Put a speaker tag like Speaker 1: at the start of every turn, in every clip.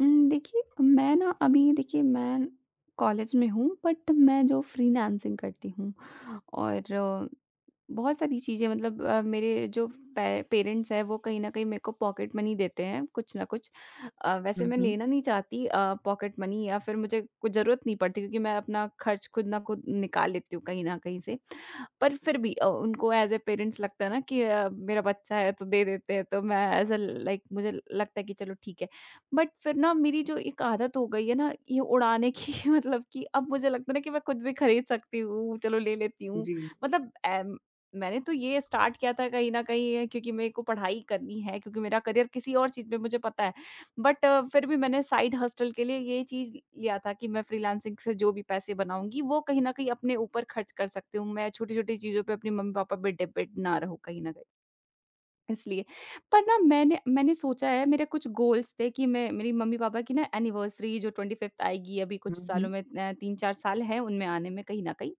Speaker 1: उम, देखिए मैं ना अभी देखिए मैं कॉलेज में हूँ बट मैं जो फ़्रीलांसिंग करती हूँ और बहुत सारी चीज़ें मतलब मेरे जो पे पेरेंट्स हैं वो कहीं न कहीं मेरे को पॉकेट मनी देते हैं कुछ ना कुछ। अ, वैसे
Speaker 2: हुँ,
Speaker 1: मैं
Speaker 2: हुँ।
Speaker 1: लेना नहीं चाहती अ, पॉकेट मनी या फिर मुझे कुछ ज़रूरत नहीं पड़ती क्योंकि मैं अपना खर्च खुद ना खुद निकाल लेती हूँ कहीं न कहीं से। पर फिर भी अ, उनको एज़ अ पेरेंट्स लगता है ना कि अ, मेरा बच्चा है तो दे देते हैं। तो मैं एज़ अ लाइक मुझे लगता है कि चलो ठीक है। बट फिर ना मेरी जो एक आदत हो गई है ना ये उड़ाने की मतलब कि अब मुझे लगता है ना कि मैं खुद भी खरीद सकती हूँ, चलो ले लेती हूँ।
Speaker 2: जी।
Speaker 1: मतलब ए, मैंने तो ये स्टार्ट किया था कहीं न कहीं ये क्योंकि मेरे को पढ़ाई करनी, है क्योंकि मेरा करियर किसी और चीज़ में मुझे पता है। बट फिर भी मैंने साइड हस्टल के लिए ये चीज़ लिया था कि मैं फ़्रीलांसिंग से जो भी पैसे बनाऊँगी वो कहीं न कहीं अपने ऊपर खर्च कर सकती हूँ। मैं छोटी-छोटी चीज़ों पे अपने मम्मी पापा पे डिपेंड ना रहूँ कहीं न कहीं। इसलिए पर ना मैंने मैंने सोचा है मेरे कुछ गोल्स थे कि मैं मेरी मम्मी पापा की एनिवर्सरी जो 25th आएगी अभी
Speaker 2: हुँ,
Speaker 1: कुछ सालों
Speaker 2: हुँ।
Speaker 1: में अ, 3-4 साल हैं उनमें आने में कहीं न कहीं।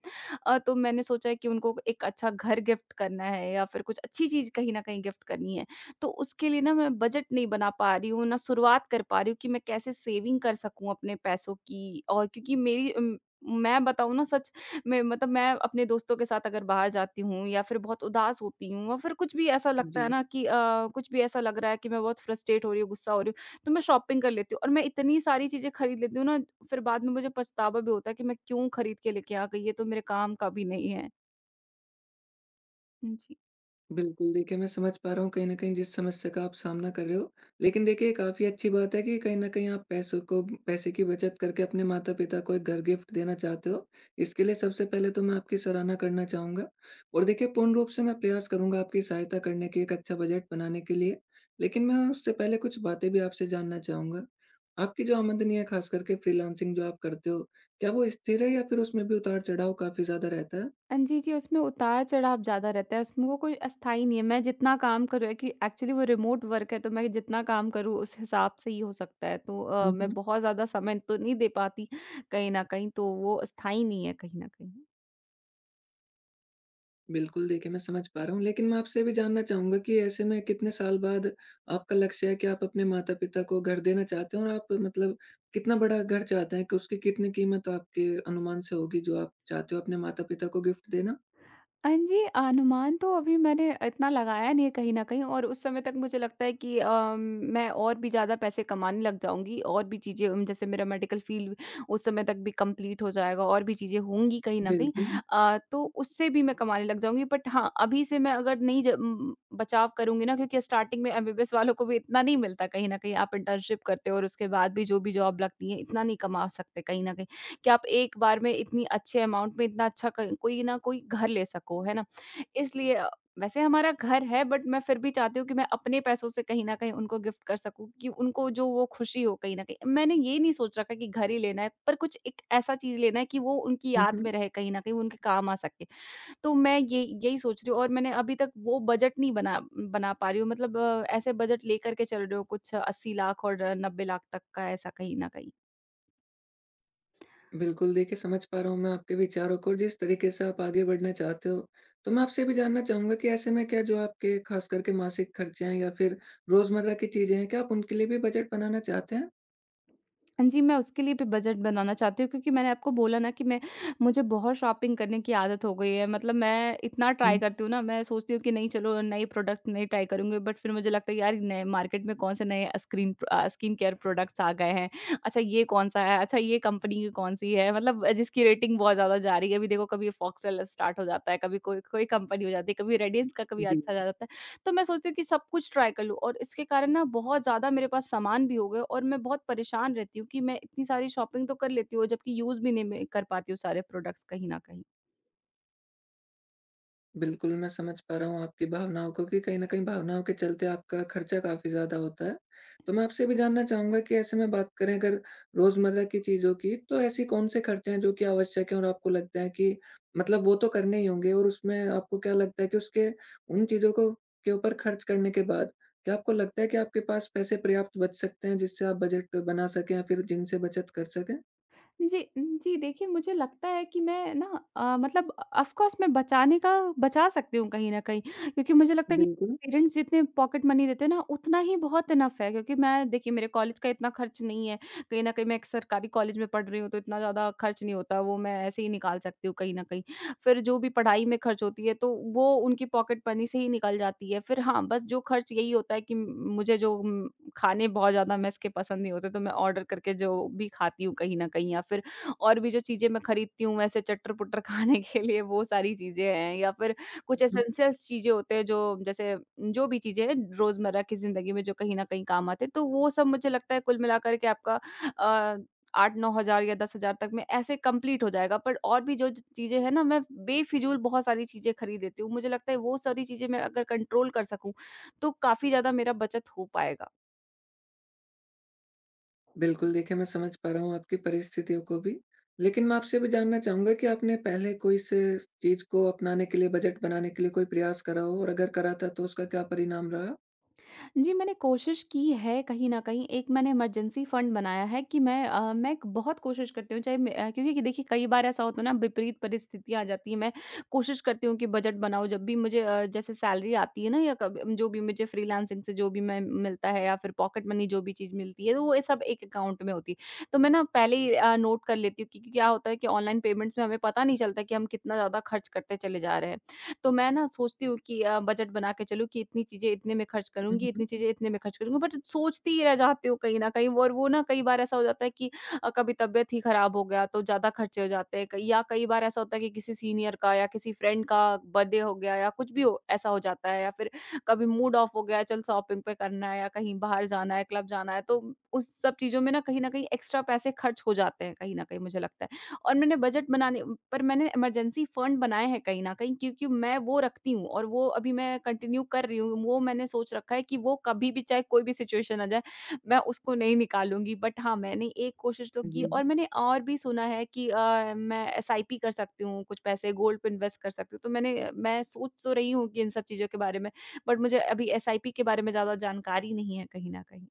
Speaker 1: अ, तो मैंने सोचा है कि उनको 1 अच्छा घर गिफ्ट करना है या फिर कुछ अच्छी चीज़ कहीं ना कहीं गिफ्ट करनी है। तो उसके लिए ना मैं बजट नहीं बना पा रही हूँ, ना शुरुआत कर पा रही हूँ कि मैं कैसे सेविंग कर सकूँ अपने पैसों की और क्योंकि मेरी उम, मैं बताऊँ ना सच, में मतलब मैं अपने दोस्तों के साथ अगर बाहर जाती हूँ या फिर बहुत उदास होती हूँ और फिर कुछ भी ऐसा लगता है ना
Speaker 2: जी।
Speaker 1: कि अ, कुछ भी ऐसा लग रहा है कि मैं बहुत फ्रस्ट्रेट हो रही हूँ, गुस्सा हो रही हूँ तो मैं शॉपिंग कर लेती हूँ और मैं इतनी सारी चीज़ें खरीद लेती हूँ ना फिर बाद में मुझे पछतावा भी होता है कि मैं क्यों खरीद के लेके आ गई ये तो मेरे काम का भी नहीं है। हुँ, जी।
Speaker 2: बिल्कुल, देखिए मैं समझ पा रहा हूँ कहीं न कहीं जिस समस्या का आप सामना कर रहे हो, लेकिन देखिए ये काफ़ी अच्छी बात है कि कहीं न कहीं आप पैसों को पैसे की बचत करके अपने माता-पिता को एक घर गिफ्ट देना चाहते हो। इसके लिए सबसे पहले तो मैं आपकी सराहना करना चाहूँगा, और देखिए पूर्ण रूप से मैं प्रयास करूँगा आपकी सहायता करने के एक अच्छा बजट बनाने के लिए, लेकिन मैं उससे पहले कुछ बातें भी आपसे जानना चाहूँगा। आपकी जो आमदनी है ख़ास करके फ्रीलांसिंग जो आप करते हो, क्या वो स्थिर है या फिर उसमें भी उतार-चढ़ाव काफ़ी ज़्यादा रहता है?
Speaker 1: हाँ जी, जी। उसमें उतार-चढ़ाव ज़्यादा रहता है, उसमें वो कोई अस्थाई नहीं है मैं जितना काम करूँ है कि एक्चुअली वो रिमोट वर्क़ है तो मैं जितना काम करूँ उस हिसाब से ही हो सकता है। तो अ,
Speaker 2: हुँ,
Speaker 1: मैं
Speaker 2: हुँ।
Speaker 1: बहुत ज़्यादा समय तो नहीं दे पाती कहीं न कहीं तो वो स्थायी नहीं है कहीं न कहीं।
Speaker 2: बिल्कुल, देखिए मैं समझ पा रहा हूँ लेकिन मैं आपसे भी जानना चाहूँगा कि ऐसे में कितने साल बाद आपका लक्ष्य है कि आप अपने माता-पिता को घर देना चाहते हो, और आप मतलब कितना बड़ा घर चाहते हैं कि उसकी कितनी कीमत आपके अनुमान से होगी जो आप चाहते हो अपने माता-पिता को गिफ्ट देना?
Speaker 1: हाँ जी, अनुमान तो अभी मैंने इतना लगाया नहीं है कहीं न कहीं और उस समय तक मुझे लगता है कि अ, म मैं और भी ज़्यादा पैसे कमाने लग जाऊँगी और भी चीज़ें उम, जैसे मेरा मेडिकल फ़ील्ड उस समय तक भी कंप्लीट हो जाएगा और भी चीज़ें होंगी कहीं न कहीं।
Speaker 2: बिल्कुल।
Speaker 1: अ, तो उससे भी मैं कमाने लग जाऊँगी बट हाँ, अभी से मैं अगर नहीं ज बचाव करुँगी ना क्योंकि स्टार्टिंग में एमबीबीएस वालों को भी इतना नहीं मिलता कहीं न कहीं आप इंटर्नशिप करते हो और उसके बाद भी जो भी जॉब लगती है, इतना नहीं कमा सकते कहीं न कहीं कि आप एक बार में इतनी अच्छे अमाउंट में इतना अच्छा क कोई न कोई घर ले सको, है ना? इसलिए अ, वैसे हमारा घर है बट मैं फिर भी चाहती हूँ कि मैं अपने पैसों से कहीं न कहीं उनको गिफ्ट कर सकूँ कि उनको जो वो खुशी हो कहीं न कहीं। मैंने ये नहीं सोच रखा कि घर ही लेना है, पर कुछ एक ऐसा चीज़ लेना है कि वो उनकी
Speaker 2: हुँ,
Speaker 1: याद
Speaker 2: हुँ।
Speaker 1: में रहे कहीं न कहीं वो उनके काम आ सके। तो मैं ये यही सोच रही हूँ और मैंने अभी तक वो बजट नहीं बना बना पा रही हूँ मतलब ऐसे बजट लेकर के चल रहे हो कुछ 80 लाख और 90 लाख तक का ऐसा कहीं न कहीं।
Speaker 2: बिल्कुल देखिए समझ पा रहा हूँ मैं आपके विचारों को जिस तरीके से आप आगे बढ़ना चाहते हो। तो मैं आपसे भी जानना चाहूँगा कि ऐसे में क्या जो आपके खास कर के मासिक खर्चे हैं या फिर रोज़मर्रा की चीज़ें हैं क्या आप उनके लिए भी बजेट बनाना चाहते हैं?
Speaker 1: हाँ जी मैं उसके लिए भी बजट बनाना चाहती हूँ क्योंकि मैंने आपको बोला ना कि मैं मुझे बहुत शॉपिंग करने की आदत हो गई है। मतलब मैं इतना ट्राई करती
Speaker 2: हुँ।
Speaker 1: हूँ ना मैं सोचती हूँ कि नहीं चलो नए प्रोडक्ट्स नहीं ट्राई करूँगी बट फिर मुझे लगता है यार नए मार्केट में कौन से नए स्क्रीन अ, स्किन केयर प्रोडक्ट्स आ गए हैं। अच्छा ये कौन-सा है, अच्छा ये कंपनी कौन सी है। मतलब जिसकी रेटिंग बहुत ज़्यादा जा रही है। अभी देखो कभी फॉक्ससेल स्टार्ट हो जाता है, कभी कोई-कोई कंपनी हो जाती है, कभी रेडियंस का कभी
Speaker 2: जी।
Speaker 1: अच्छा आ जाता है। तो मैं सोचती हूँ कि सब कुछ ट्राई कर लूँ, और इसके कारण ना बहुत ज़्यादा मेरे पास सामान भी हो गए और मैं बहुत परेशान रहती हूँ कि मैं इतनी सारी शॉपिंग तो कर लेती हूँ जबकि यूज़ भी नहीं मैं कर पाती हूँ सारे प्रोडक्ट्स कहीं ना कहीं।
Speaker 2: बिल्कुल। मैं समझ पा रहा हूँ आपकी भावनाओं को कि कहीं न कहीं भावनाओं के चलते आपका खर्चा काफ़ी ज़्यादा होता है। तो मैं आपसे भी जानना चाहूँगा कि ऐसे में बात करें अगर रोज़मर्रा की चीज़ों की तो ऐसी कौन से खर्चे हैं जो की आवश्यक है और आपको लगता है कि मतलब वो तो करने ही होंगे और उसमें आपको क्या लगता है कि उसके उन चीज़ों को के ऊपर खर्च करने के बाद क्या आपको लगता है कि आपके पास पैसे पर्याप्त बच सकते हैं जिससे आप बजट बना सकें या फिर जिन से बचत कर सकें?
Speaker 1: जी, उम, जी। देखिए मुझे लगता है कि मैं ना अ, मतलब ऑफ कोर्स मैं बचाने का बचा सकती हूँ कहीं न कहीं क्योंकि मुझे लगता है कि
Speaker 2: बिल्कुल।
Speaker 1: पेरेंट्स जितने पॉकेट मनी देते हैं ना उतना ही बहुत इनफ है क्योंकि मैं देखिए मेरे कॉलेज का इतना खर्च नहीं है कहीं न कहीं मैं एक सरकारी कॉलेज में पढ़ रही हूँ तो इतना ज़्यादा खर्च नहीं होता वो मैं ऐसे ही निकाल सकती हूँ कहीं न कहीं। फिर जो भी पढ़ाई में खर्च होती है तो वो उनकी पॉकेट मनी से ही निकल जाती है फिर, हाँ बस जो खर्च यही होता है कि मुझे जो खाने बहुत ज़्यादा मेस के पसंद नहीं होते तो मैं ऑर्डर करके जो भी खाती हूँ कहीं न कहीं या फिर और भी जो चीजें मैं खरीदती हूँ। वैसे चट्टर-पुट्टर खाने के लिए वो सारी चीजें हैं या फिर कुछ
Speaker 2: हुँ।
Speaker 1: एंसेस चीजें होते हैं जो जैसे जो भी चीजें हैं रोज़मर्रा की जिंदगी में जो कहीं न कहीं काम आते हैं तो वो सब मुझे लगता है कुल मिला कर के आपका अ 8-9000 या 10000 तक में ऐसे कंप्लीट हो जाएगा पर और भी जो ची चीजें हैं ना मैं बेफ़िज़ूल बहुत सारी चीजें खरीद लेती हूँ। मुझे लगता है वो सारी चीजें मैं अगर कंट्रोल कर सकूँ, तो काफ़ी ज़्यादा मेरा बचत हो पाएगा।
Speaker 2: बिल्कुल, देखिए मैं समझ पा रहा हूँ आपकी परिस्थितियों को भी लेकिन मैं आपसे भी जानना चाहूँगा कि आपने पहले कोई सी चीज़ को अपनाने के लिए बजट बनाने के लिए कोई प्रयास करा हो? और अगर करा था तो उसका क्या परिणाम रहा?
Speaker 1: जी, मैंने कोशिश की है कहीं न कहीं एक मैंने इमरजेंसी फंड बनाया है कि मैं अ, मैं एक बहुत कोशिश करती हूँ, चाहे अ, क्योंकि देखिए कई बार ऐसा होता है ना विपरीत परिस्थितियाँ आ जाती है, मैं कोशिश करती हूँ कि बजट बनाऊँ जब भी मुझे अ, जैसे सैलरी आती है ना या कभी अम, जो भी मुझे फ्रीलांसिंग से जो भी मैं मिलता है या फिर पॉकेट मनी जो भी चीज़ मिलती है तो वो सब एक अकाउंट में होती है। तो मैं ना पहले ही अ, नोट कर लेती हूँ क्योंकि क्या होता है कि ऑनलाइन पेमेंट्स में हमें पता नहीं चलता कि हम कितना ज़्यादा खर्च करते चले जा रहे हैं। तो मैं ना सोचती हूँ कि अ, बजट बना के चलूँ कि इतनी चीज़ें इतने में खर्च
Speaker 2: हुँ,
Speaker 1: करुँगी,
Speaker 2: हुँ,
Speaker 1: इतनी
Speaker 2: हुँ, हुँ।
Speaker 1: चीज़ें इतने में खर्च करुँगी बट सोचती ही रह जाती हूँ कहीं न कहीं और वो ना कई बार ऐसा हो जाता है कि अ, कभी तबियत ही खराब हो गया तो ज़्यादा खर्चे हो जाते हैं कई या कई बार ऐसा होता है कि किसी सीनियर का या किसी फ्रेंड का बर्थडे हो गया या कुछ भी ऐसा हो जाता है या फिर कभी मूड ऑफ हो गया, चल शॉपिंग पे करना है या कहीं बाहर जाना है, क्लब जाना है, तो उस सब चीज़ों में न कहीं न कहीं एक्स्ट्रा पैसे खर्च हो जाते हैं कहीं न कहीं मुझे लगता है। और मैंने बजट बनाने पर मैंने इमरजेंसी फंड बनाए हैं कहीं न कहीं क्योंकि मैं वो रखती हूँ और वो अभी मैं कंटिन्यू कर रही हूँ वो मैंने सोच रखा है कि वो कभी भी चाहे कोई भी सिचुएशन आ जाए मैं उसको नहीं निकालूँगी। बट हाँ, मैंने एक कोशिश तो की
Speaker 2: जी।
Speaker 1: और मैंने और भी सुना है कि अ, मैं एसआईपी कर सकती हूँ, कुछ पैसे गोल्ड पे इन्वेस्ट कर सकती हूँ। तो मैंने मैं सोच तो रही हूँ कि इन सब चीज़ों के बारे में बट मुझे अभी एसआईपी के बारे में ज़्यादा जानकारी नहीं है कहीं न कहीं।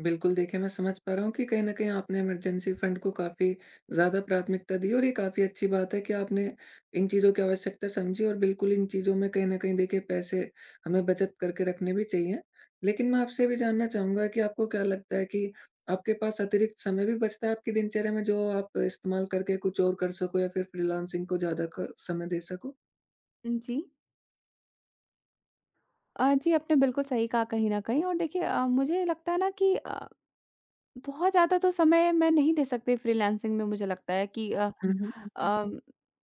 Speaker 2: बिल्कुल, देखिए मैं समझ पा रहा हूँ कि कहीं न कहीं आपने इमरजेंसी फंड को काफ़ी ज़्यादा प्राथमिकता दी और ये काफ़ी अच्छी बात है कि आपने इन चीज़ों की आवश्यकता समझी और बिल्कुल इन चीज़ों में कहीं न कहीं देखिए पैसे हमें बचत करके रखने भी चाहिए। लेकिन मैं आपसे ये भी जानना चाहूँगा कि आपको क्या लगता है कि, आपके पास अतिरिक्त समय भी बचता है आपकी दिनचर्या में जो आप इस्तेमाल करके कुछ और कर सको या फिर फ्रीलांसिंग को ज़्यादा क समय दे सको?
Speaker 1: अ, जी। अ, जी। आपने बिल्कुल सही कहा कहीं न कहीं और देखिए अ, मुझे लगता है ना कि अ, बहुत ज़्यादा तो समय मैं नहीं दे सकती फ्रीलांसिंग में मुझे लगता है कि अ
Speaker 2: हुँ, हुँ, हुँ, हुँ,
Speaker 1: अ,
Speaker 2: हुँ।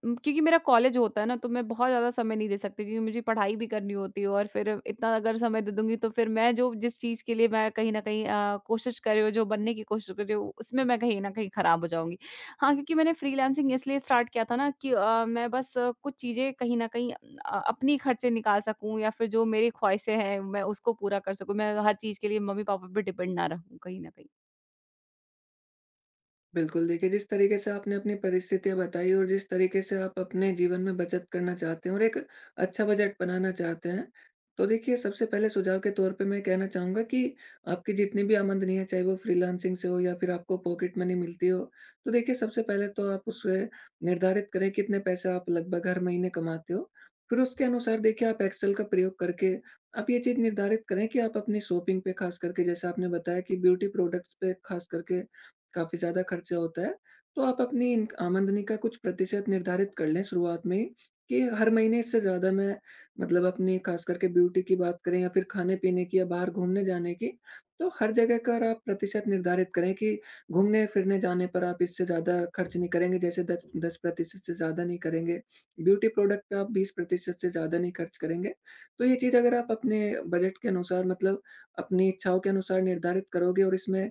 Speaker 1: क्योंकि मेरा कॉलेज होता है ना, तो मैं बहुत ज़्यादा समय नहीं दे सकती क्योंकि मुझे पढ़ाई भी करनी होती है और फिर इतना अगर समय दे दूँगी तो फिर मैं जो जिस चीज़ के लिए मैं कहीं न कहीं अ, कोशिश कर रही हूँ जो बनने की कोशिश कर रही हूँ उसमें मैं कहीं न कहीं ख़राब हो जाऊँगी। हाँ, क्योंकि मैंने फ्रीलांसिंग इसलिए स्टार्ट किया था ना कि अ, मैं बस कुछ चीज़ें कहीं न कहीं अ, अपनी खर्चे निकाल सकूँ या फिर जो मेरी ख्वाहिशें हैं मैं उसको पूरा कर सकूँ मैं हर चीज़ के लिए मम्मी-पापा पे डिपेंड ना रहूँ कहीं न कहीं।
Speaker 2: बिल्कुल, देखिए, जिस तरीके से आपने अपनी परिस्थितियाँ बताई और जिस तरीके से आप अपने जीवन में बचत करना चाहते हो और एक अच्छा बजट बनाना चाहते हैं। तो देखिए, सबसे पहले सुझाव के तौर पे मैं ये कहना चाहूँगा कि आपकी जितनी भी आमदनी है, चाहे वो फ्रीलांसिंग से हो या फिर आपको पॉकेट मनी मिलती हो। तो देखिए सबसे पहले तो आप उसे निर्धारित करें कितने पैसे आप लगभग हर महीने कमाते हो, फिर उसके अनुसार देखिए आप एक्सेल का प्रयोग करके, आप ये चीज़ निर्धारित करें कि आप अपनी शॉपिंग पे खास करके जैसे आपने बताया कि ब्यूटी प्रोडक्टस पे खास करके काफ़ी ज़्यादा खर्चे होता है। तो आप अपनी इन आमदनी का कुछ प्रतिशत निर्धारित कर लें शुरुआत में ही, कि हर महीने इससे ज़्यादा मैं मतलब अपनी खास करके ब्यूटी की बात करें या फिर खाने-पीने की या बाहर घूमने जाने की, तो हर जगह का अर आप प्रतिशत निर्धारित करें कि घूमने-फिरने जाने पर आप इससे ज़्यादा खर्च नहीं करेंगे, जैसे दच 10% से ज़्यादा नहीं करेंगे। ब्यूटी प्रोडक्ट पे आप 20% से ज़्यादा नहीं खर्च करेंगे। तो ये चीज़ अगर आप अपने बजट के अनुसार मतलब अपनी इच्छाओं के अनुसार निर्धारित करोगे और इसमें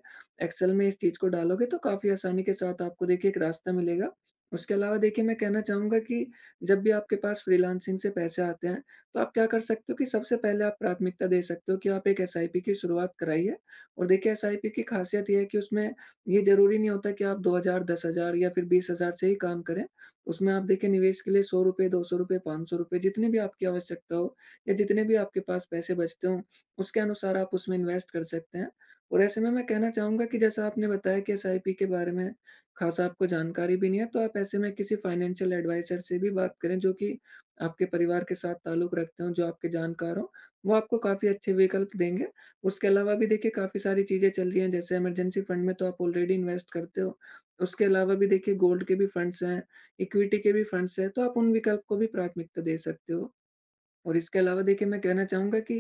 Speaker 2: एक्सेल में इस चीज़ को डालोगे तो काफ़ी आसानी के साथ आपको देखिए एक रास्ता मिलेगा। उसके अलावा देखिए मैं कहना चाहूँगा कि, जब भी आपके पास फ्रीलांसिंग से पैसे आते हैं, तो आप क्या कर सकते हो कि सबसे पहले आप प्राथमिकता दे सकते हो कि आप एक एसआईपी की शुरुआत कराइए, और देखिए एसआईपी की खासियत ये है कि उसमें ये ज़रूरी नहीं होता कि आप 2,000 10,000 या फिर 20,000 से ही काम करें, उसमें आप देखिए निवेश के लिए ₹100 ₹200 ₹500 जितनी भी आपकी आवश्यकता हो या जितने भी आपके पास पैसे बचते हों, उसके अनुसार आप उसमें इन्वेस्ट कर सकते हैं। और ऐसे में मैं कहना चाहूँगा कि जैसा आपने बताया कि एसआईपी के बारे में खासा आपको जानकारी भी नहीं है, तो आप ऐसे में किसी फाइनेंशियल एडवाइज़र से भी बात करें जो कि आपके परिवार के साथ ताल्लुक रखते हो, जो आपके जानकार हो वो आपको काफ़ी अच्छे विकल्प देंगे। उसके अलावा भी देखिए काफ़ी सारी चीज़ें चल रही हैं जैसे इमरजेंसी फंड में तो आप ऑलरेडी इन्वेस्ट करते हो, उसके अलावा भी देखिए गोल्ड के भी फंड्स हैं, इक्विटी के भी फंड्स हैं, तो आप उन विकल्प को भी प्राथमिकता दे सकते हो। और इसके अलावा देखिए मैं कहना चाहूँगा कि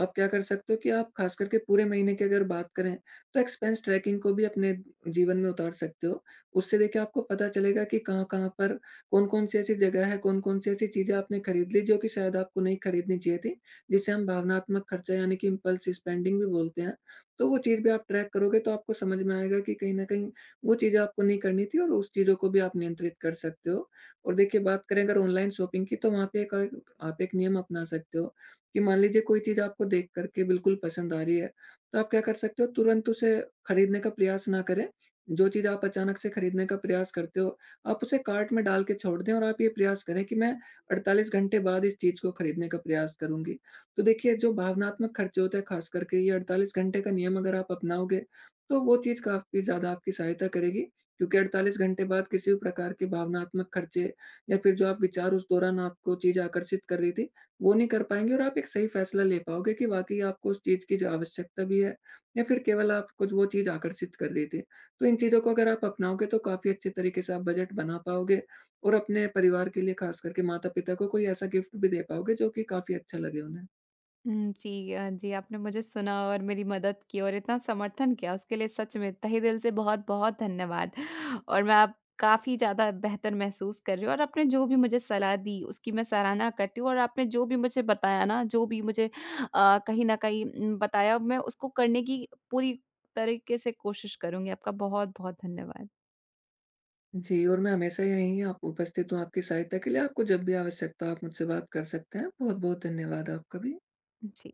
Speaker 2: आप क्या कर सकते हो कि आप खास करके पूरे महीने की अगर बात करें, तो एक्सपेंस ट्रैकिंग को भी अपने जीवन में उतार सकते हो। उससे देखिए आपको पता चलेगा कि कहाँ-कहाँ पर कौन-कौन सी ऐसी जगह है, कौन-कौन सी ऐसी चीज़ें आपने खरीद ली, जो कि शायद आपको नहीं खरीदनी चाहिए थी। जिसे हम भावनात्मक खर्चा यानी कि इम्पल्स स्पेंडिंग भी बोलते हैं, तो वो चीज़ भी आप ट्रैक करोगे तो आपको समझ में आएगा कि कहीं न कहीं वो चीज़ें आपको नहीं करनी थी और उस चीज़ को भी आप नियंत्रित कर सकते हो। और देखिए, बात करें अगर ऑनलाइन शॉपिंग की तो वहाँ पे एक आप एक नियम अपना सकते हो, कि मान लीजिए कोई चीज़ आपको देख कर के बिल्कुल पसंद आ रही है, तो आप क्या कर सकते हो तुरंत उसे खरीदने का प्रयास ना करें, जो चीज़ आप अचानक से खरीदने का प्रयास करते हो, आप उसे कार्ट में डाल के छोड़ दें और आप ये प्रयास करें कि मैं 48 घंटे बाद इस चीज़ को खरीदने का प्रयास करूँगी। तो देखिए, जो भावनात्मक खर्चे होते हैं खास करके ये 48 घंटे का नियम अगर आप अपनाओगे, तो वो चीज़ काफ़ी ज़्यादा आपकी सहायता करेगी, क्योंकि 48 घंटे बाद किसी भी प्रकार की भावनात्मक खर्चे या फिर जो आप विचार उस दौरान आपको चीज़ आकर्षित कर रही थी वो नहीं कर पाएँगे। और आप एक सही फैसला ले पाओगे कि वाकई आपको उस चीज़ की ज आवश्यकता भी है? या फिर केवल आप कुछ वो चीज़ आकर्षित कर रही थी। तो इन चीज़ों को अगर आप अपनाओगे तो काफ़ी अच्छे तरीके से आप बजट बना पाओगे, और अपने परिवार के लिए खास करके माता-पिता को कोई ऐसा गिफ्ट भी दे पाओगे जो कि काफ़ी अच्छा लगे उन्हें।
Speaker 1: हुँ, जी। अ, जी आपने मुझे सुना और मेरी मदद की और इतना समर्थन किया उसके लिए सच में तहेदिल से बहुत-बहुत धन्यवाद। और मैं अब काफ़ी ज़्यादा बेहतर महसूस कर रही हूँ और आपने जो भी मुझे सलाह दी उसकी मैं सराहना करती हूँ और आपने जो भी मुझे बताया ना जो भी मुझे अ, कहीं न कहीं उम, बताया मैं उसको करने की पूरी तरीके से कोशिश करुँगी। आपका बहुत-बहुत धन्यवाद।
Speaker 2: जी और मैं हमेशा यहीं अप उपस्थित हूँ आपकी सहायता के लिए आपको जब भी आवश्यकता हो आप मुझसे बात कर सकते हैं। बहुत-बहुत धन्यवाद आपका भी।
Speaker 1: जी।